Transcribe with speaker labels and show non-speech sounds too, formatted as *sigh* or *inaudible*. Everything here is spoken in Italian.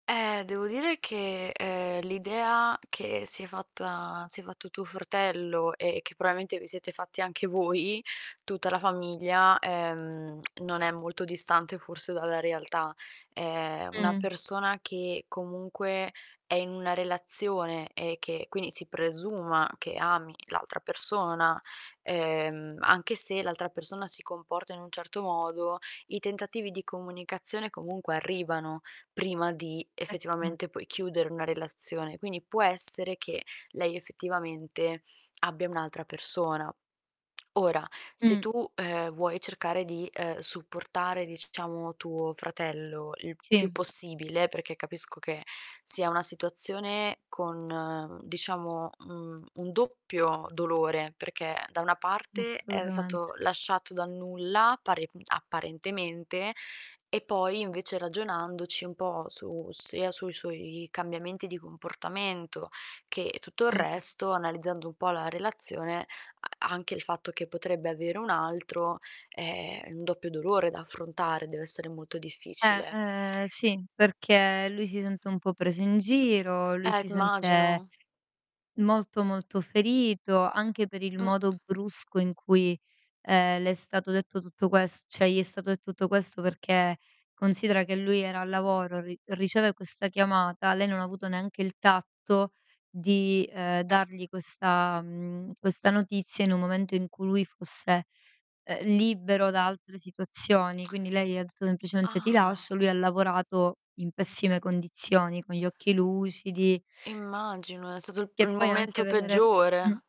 Speaker 1: Eh, devo dire che, ehm, l'idea che si è fatta si è fatto tuo fratello e che probabilmente vi siete fatti anche voi, tutta la famiglia, ehm, *clicks tongue* non è molto distante forse dalla realtà. Ehm, una
Speaker 2: Mh.
Speaker 1: persona che comunque è in una relazione, e che quindi si presuma che ami l'altra persona, ehm, anche se l'altra persona si comporta in un certo modo, i tentativi di comunicazione, comunque, arrivano, prima di
Speaker 2: Eccome.
Speaker 1: effettivamente, poi, chiudere una relazione. Quindi, può essere che lei effettivamente abbia un'altra persona. Ora, se
Speaker 2: Mh.
Speaker 1: tu, ehm, vuoi cercare di, ehm, supportare, diciamo, tuo fratello il più
Speaker 2: Sì.
Speaker 1: possibile, perché capisco che sia una situazione con, mhmm, diciamo, mhmm, un doppio dolore, perché da una parte è
Speaker 2: Assolutamente.
Speaker 1: stato lasciato dal nulla, pare, mhmm, apparentemente, e poi invece ragionandoci un po' su sia sui suoi cambiamenti di comportamento che tutto il
Speaker 2: Mh-mh.
Speaker 1: resto, analizzando un po' la relazione, a anche il fatto che potrebbe avere un altro, è un doppio dolore da affrontare, dev'essere molto
Speaker 2: Eh.
Speaker 1: difficile.
Speaker 2: Ehm, sì, perché lui si sente un po' preso in giro, lui
Speaker 1: Eh,
Speaker 2: si
Speaker 1: c immagino.
Speaker 2: sente molto, molto ferito anche per il
Speaker 1: Mh.
Speaker 2: modo brusco in cui, ehm, le è stato detto tutto ques cioè, gli è stato detto tutto questo, perché considera che lui era al lavoro, ri riceve questa chiamata, lei non ha avuto neanche il tatto di, uhm, dargli questa mhmm, questa notizia in un momento in cui lui fosse, ehm, libero da altre situazioni. Quindi, lei gli ha detto semplicemente: "Ti
Speaker 1: Ah!
Speaker 2: lascio", lui ha lavorato in pessime condizioni, con gli occhi lucidi
Speaker 1: Immagino, è stato il p
Speaker 2: Che
Speaker 1: il
Speaker 2: poi anche
Speaker 1: momento
Speaker 2: vedere Mh.
Speaker 1: peggiore.